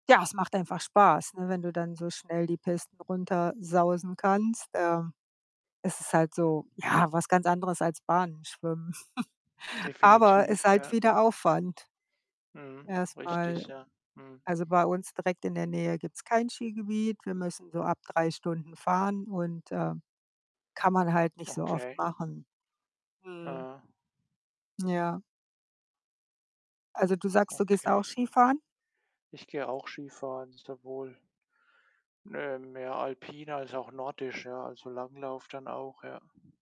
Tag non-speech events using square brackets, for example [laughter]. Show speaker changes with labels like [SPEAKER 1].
[SPEAKER 1] Ja, es macht einfach Spaß, ne, wenn du dann so schnell die Pisten runtersausen kannst. Ähm, es ist halt so, ja, was ganz anderes als Bahnen schwimmen. [chuckles] Aber ist
[SPEAKER 2] Definitiv,
[SPEAKER 1] halt
[SPEAKER 2] ja.
[SPEAKER 1] wieder Aufwand
[SPEAKER 2] Mhm,
[SPEAKER 1] erst mal.
[SPEAKER 2] richtig, ja. Mhm.
[SPEAKER 1] Also, bei uns direkt in der Nähe gibt's kein Skigebiet. Wir müssen so ab 3 Stunden fahren, und, äh, kann man halt nicht so oft
[SPEAKER 2] Okay.
[SPEAKER 1] machen. Mhm.
[SPEAKER 2] Aha.
[SPEAKER 1] Ja. Also du sagst, du gehst auch
[SPEAKER 2] Okay.
[SPEAKER 1] Skifahren?
[SPEAKER 2] Ich gehe auch Skifahren, sowohl ne, mehr alpin als auch nordisch, ja, also Langlauf dann auch, ja.